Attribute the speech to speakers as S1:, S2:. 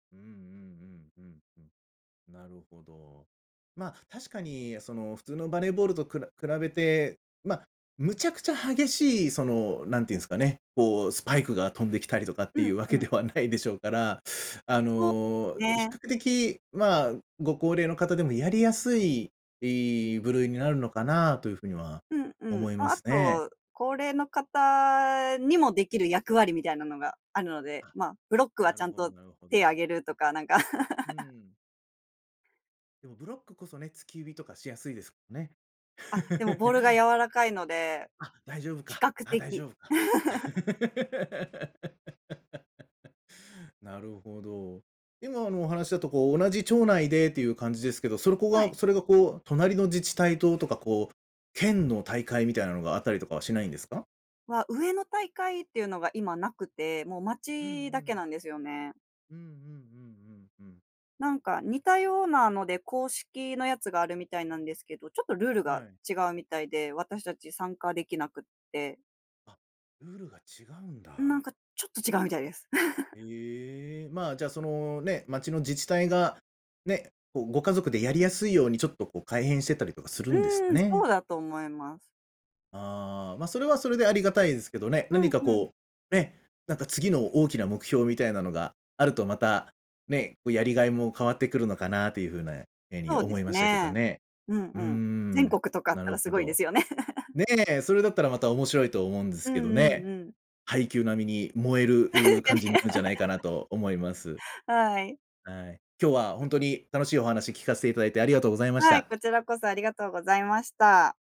S1: うんうんうんうんうん。なるほど。まあ、確かに、その、普通のバレーボールとくら比べて、ま、むちゃくちゃ激しい、その、なんていうんすかね、こう、スパイクが飛んできたりとかって
S2: う
S1: いう
S2: ん
S1: わ
S2: う
S1: け
S2: ん。
S1: ではないでしょうから、あ
S2: そう、す
S1: の、比
S2: ね。
S1: 較的、まあ、ご高齢の方でもやりやすい、い部類になるのかなというふうには
S2: うんうん、
S1: 思いま
S2: あ、あ
S1: すね。
S2: と、高齢の方にもできる役割みたいなのがあるので、
S1: あ、
S2: ま、ブロックは
S1: な
S2: ちゃ
S1: る
S2: ん
S1: ほど
S2: と、
S1: なるほ
S2: 手上
S1: ど。
S2: げるとかなんか。
S1: う ん。でもブロックこそね、突き指とかしやすいですもんね。
S2: あ、でもボールが 柔らかいので。
S1: あ、大丈夫
S2: 比
S1: か、
S2: 較
S1: あ大
S2: 的。
S1: 丈夫か。なるほど。今のお話だとこう同じ町内でっていう感じですけど、そこ
S2: は
S1: が、
S2: い。
S1: それがこう隣の自治体と、とかこう、県の大会みたいなのがあったりとかはしないんですか？
S2: は、上の大会っていうのが今なくて、もう
S1: うんう
S2: 町だけ
S1: ん。
S2: なんですよね。
S1: うんうん、うんうんうん。
S2: なんか似たようなので、公式のやつがあるみたいなんですけど、ちょっとルール
S1: は
S2: が
S1: い。
S2: 違うみたいで、私たち参加できなくって。
S1: あ、ルールが違うん
S2: ん、なん
S1: だ。
S2: か、ちょっと違うみたいです。
S1: ええ、まあ、じゃあ、その、ね、町の自治体が、ね、こう、ご家族でやりやすいように、ちょっと、こう改変してたりとかするんです
S2: う
S1: か
S2: ーん、そ
S1: ね。
S2: うだと思います。
S1: ああ、まあ、それはそれで、ありがたいですけどね、
S2: う
S1: 何
S2: ん
S1: か
S2: うん。
S1: こう、ね、なんか次の大きな目標みたいなのが、あるとまた、ね、こうやりがいも変わってくるのかなというふうなように
S2: そうで
S1: 思
S2: す
S1: いましたけど
S2: ね。
S1: ね。
S2: うん
S1: うー
S2: うん。
S1: ん、
S2: 全国とかあっ
S1: な
S2: た
S1: る
S2: らす
S1: ほ
S2: ごいで
S1: ど。
S2: すよね。
S1: ねえ、それだったらまた面白いと思うんで
S2: う
S1: すけど
S2: んうん
S1: ね。
S2: うん。
S1: 「ハイキュー」並みに燃える、う感じになるんじゃないかな
S2: [unintelligible]
S1: と思います。
S2: はい。
S1: はい。今日はほんとに楽しいお話聞かせていただいてありがとうございまし
S2: はい、
S1: た。
S2: こちらこそありがとうございました。